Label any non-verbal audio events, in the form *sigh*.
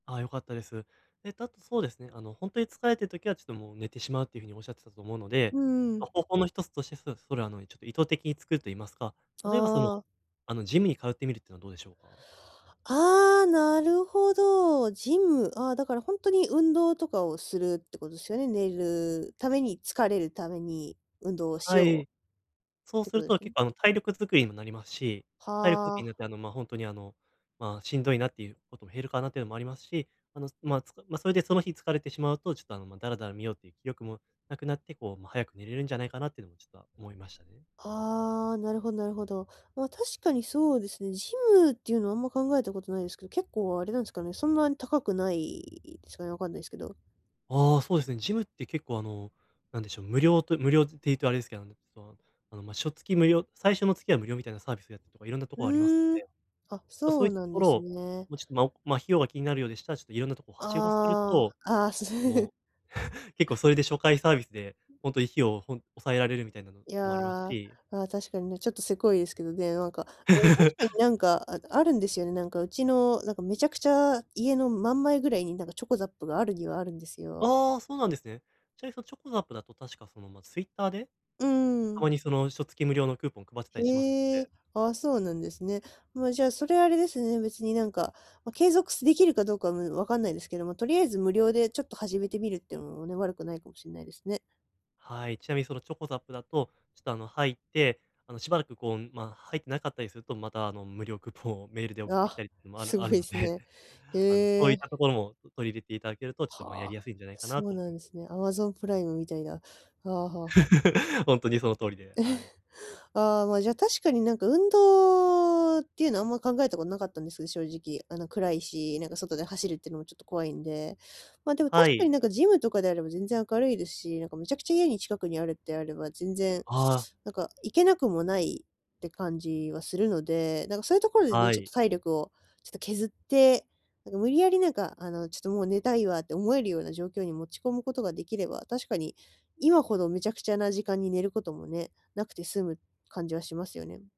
ああ、良かったです。えっと、あとそうですね、あの、ほんとに疲れてる時はちょっともう、寝てしまうっていうふうにおっしゃってたと思うので、うん。ま、方法のひとつとして、そそれあの、ちょっと意図的に作ると言いますか、例えばその、ああ。あの、ジムに通ってみるってのはどうでしょうか？ああ、なるほど。ジム。ああ、だからほんとに、運動とかをするってことですよね、寝るために、疲れるために運動をしはようい。そっうてすことるでと、すね？結構あの体力づくりにもなりますし、体力づくはりになっあ。て、あのま、ほんとに、あの、まあ、しんどいなっていうことも減るかなっていうのもありますし、あの、ま、つかま、それでその日疲れてしまうと、ちょっとあの、ま、ダラダラ見ようっていう気力もなくなって、こう、ま、早く寝れるんじゃないかなっていうのもちょっと思いましたね。ああ、なるほどなるほど。まあ、確かにそうですね。ジムっていうのはあんま考えたことないですけど、結構あれなんすかね、そんなに高くないですかね、わかんないですけど。ああ、そうですね。ジムって結構あの、なんでしょう、無料と無料っていうとあれですけど、あの、その、あの、ま、しょつき無料最初の月は無料みたいなサービスやってとか、いろんなとこうろありますのーん。で、あ、ちょっとそそういうったなとんこでろを、すね。もうちょっと、まま、費用が気になるようでしたら、ちょっといろんなとこをはしごするあと、あ。ああ、す *laughs* もう、*laughs* 結構それで初回サービスで、ほんとに費用をほん抑えられるみたいなのいもありますや。し。ああ、確かにね、ちょっとせこいですけどね。なんか、あ、確 *laughs* かになんか、ああるんですよね、なんかうちのなんか、めちゃくちゃ家の真ん前ぐらいになんか、chocoZAP があるにはあるんですよ。ああ、そうなんですね。ちなみにその chocoZAP だと確かその、ま、Twitter でうーたん。まにその、しょつき無料のクーポン配ってたりしますへので。え。ああ、そうなんですね。まあじゃあ、それあれですね、別になんか、ま、継続すできるかどうかむ分かんないですけども、とりあえず無料でちょっと始めてみるってのもね、悪くないかもしんないですね。はい。ちなみにその chocoZAP だと、ちょっとあの、入って、あの、しばらくこう、ま、入ってなかったりすると、また、あの、無料クーポンをメールで送っあてきあ、たりってのもあるすごあるいのすで、ね。あの、そへういったえ。ところもと取り入れていただけると、ちっと、ま、やはりあ。やすいんじゃないかなそうと思いなんます。ですね。アマゾンプライムみたいな。はあはあはあ。*laughs* ほんとにその通りで、はい。*chuckles* ああ、ま、じゃあ確かになんか、運動っていうのはあんま考えたことなかったんですけど、正直。あの暗いし、なんか外で走るってのもちょっと怖いんで。まあでも、確はかにい。なんかジムとかであれば全然明るいですし、なんかめちゃくちゃ家に近くにあるってあれば、全然、ああ。なんか行けなくもないって感じはするので、なんかそういうところでね、はちょっい。と体力をちょっと削って、なんか無理やりなんかあの、ちょっともう寝たいわって思えるような状況に持ち込むことができれば、確かに、今ほどめちゃくちゃな時間に寝ることもね、無くて済む感じはしますよね。